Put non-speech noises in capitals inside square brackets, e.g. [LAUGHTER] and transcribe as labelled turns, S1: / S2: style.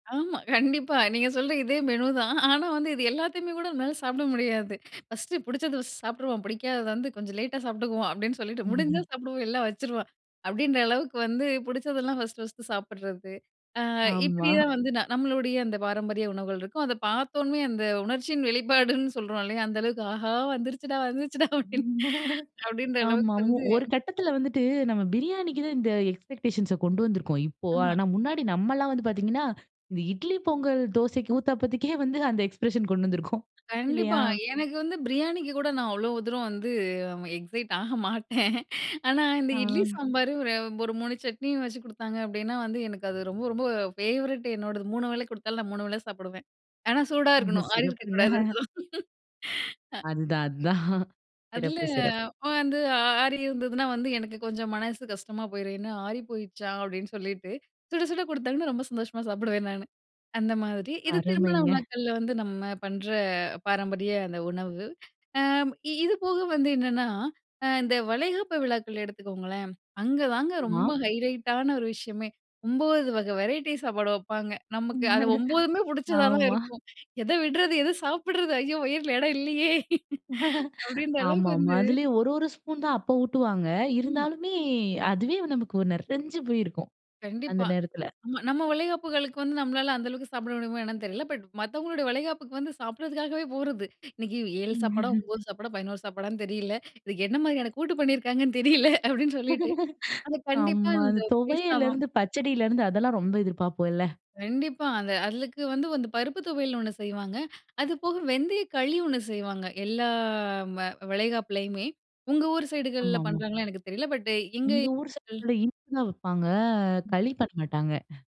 S1: ஆமா கண்டிப்பா, நீங்க சொல்ற இதே மெனுதான் ஆனா வந்து இது எல்லாத்தயுமே கூட என்னால சாப்பிட முடியாது. ஃபர்ஸ்ட்டு புடிச்சத சாப்டுருவோம், பிடிக்காதத வந்து கொஞ்சம் லேட்டா சாப்பிட்டுக்குவோம், அப்டின்னு சொல்லிட்டு முடிஞ்சா
S2: ம்ஹ்ம்.
S1: சாப்பிடுவோம் இல்லன்னா வச்சுருவோம். அப்டின்ற அளவுக்கு வந்து பிடிச்சதெல்லாம் ஃபர்ஸ்ட், ஃபர்ஸ்ட்டு சாப்பிடுறது. ஆ,
S2: ஆமா.
S1: இப்டியா வந்து நா நம்மளுடய அந்த பாரம்பரிய உணவுகள் இருக்கும். அத பாத்தோமே அந்த உணர்ச்சியின் வெளிப்பாடுன்னு சொல்றோம் இல்லயா அந்த அளவுக்கு, ஆஹா வந்துடுச்சுடா, வந்துடுச்சுடா அப்டின்னு
S2: [LAUGHS]
S1: அப்டின்ற
S2: ஆமா
S1: அளவுக்கு
S2: மு
S1: வந்து.
S2: ஒரு கட்டத்துல வந்துட்டு நம்ம பிரியாணிக்கு தான் இந்த எக்ஸ்பெக்டேஷன்ஸ கொண்டு வந்திருக்கோம். இப்போ
S1: ஆமா.
S2: ஆனா முன்னாடி நம்மலாம் வந்து பாத்தீங்கன்னா, இந்த இட்லி, பொங்கல், தோசைக்கு, ஊத்தாப்பத்துக்கே வந்து அந்த எக்ஸ்பிரஷன் கொண்டு வந்திருக்கோம்,
S1: கண்டிப்பா
S2: இல்லயா.
S1: எனக்கு வந்து பிரியாணிக்கு கூட நான் அவ்ளோ தூரம் வந்து, எக்ஸைட் ஆக மாட்டேன். ஆனா இந்த இட்லி
S2: ஆ.
S1: சாம்பாரு ஒரு, ஒரு சட்னியும் வெச்சு குடுத்தாங்க, அப்டின்னா வந்து எனக்கு அது ரொம்ப ரொம்ப ஃபேவரெட் என்னோடது 3 வேள கொடுத்தாலும், நான் 3 வேள சாப்பிடுவேன். ஆனா சூடா இருக்கணும். ஆறி இருக்க கூடாது
S2: சிறப்புங்க.
S1: அதெல்லாம். அ.
S2: அதுதான், அதான்.
S1: அதுல
S2: சிறப்பு, சிறப்பு.
S1: வந்து ஆறி இருந்ததுனா வந்து எனக்கு கொஞ்சம் மனசு கஷ்டமா போயிரும். என்ன ஆறி போயிடுச்சா அப்டின்னு சொல்லிட்டு சுட, சுட குடுத்தாங்கன்னா, ரொம்ப சந்தோஷமா சாப்பிடுவேன் நானு. அந்த மாதிரி இது திருமண
S2: அருமைங்க.
S1: விழாக்கள்ல வந்து நம்ம பண்ற பாரம்பரிய அந்த உணவு. ஆ இது போக வந்து என்னன்னா அ இந்த வளைகாப்பு விழாக்கள் எடுத்துக்கோங்களேன், அங்க தாங்க
S2: ஆமா.
S1: ரொம்ப ஹைலைட்டான ஒரு விஷயமே 9 வகை வெரைட்டி சாப்பாடு வெப்பாங்க, நமக்கு அது
S2: [LAUGHS]
S1: 9மே பிடிச்சதா தான்
S2: ஆமா.
S1: இருக்கும். எத விட்றது எத சாப்பிடுறது ஐயோ! வயில இடம் இல்லயே.
S2: [LAUGHS]
S1: அப்டின்ற அளவுக்கு
S2: ஆமா, ஆமா
S1: வந்து
S2: அதுலயும் ஒரு ஒரு ஸ்பூன் தான் அப்ப ஊட்டுவாங்க
S1: ம்மா.
S2: இருந்தாலுமே, அதுவே நமக்கு நெறஞ்சு போயிருக்கும். அந்த
S1: கண்டிப்பா.
S2: நேரத்துல
S1: நம்ம வளைகாப்புகளுக்கு வந்து நம்மளால அந்த அளவுக்கு சாப்பிட முடியுமா என்னன்னு தெரியல, பட் மத்தவங்களோட வளைகாப்புக்கு வந்து சாப்பிடறதுக்காகவே போறது. இன்னிக்கு 7 சாப்பாட
S2: [LAUGHS]
S1: 9 சாப்பாட 11 சாப்பாடன்னு தெரியல, இதுக்கு என்ன மாதிரியான கூட்டு பண்ணியிருக்காங்கன்னு தெரியல, அப்டின்னு சொல்லிட்டு
S2: [LAUGHS]
S1: அது கண்டிப்பா
S2: ஆமா,
S1: இந்த
S2: அந்த
S1: பேஸ்லாவாம்.
S2: துவையலருந்து, பச்சடிலருந்து அதெல்லாம் ரொம்ப எதிர்ப்பாப்போம், இல்ல.
S1: கண்டிப்பா, அந்த அதுக்கு வந்து, வந்து பருப்பு தொவயல்னு ஒன்னு செய்வாங்க. அது போக வெந்தய களி ஒன்னு செய்வாங்க. எல்லா ம வளைகாப்புலயுமே. உங்க ஊர் சைடுகள்ல
S2: ஆமாமா.
S1: பண்றாங்கன்னு எனக்கு தெரியல பட் இங்க
S2: எங்க ஊர்
S1: கள்
S2: சைட்ல இனிப்புதான் வெப்பாங்க, களி பண்ண மாட்டாங்க.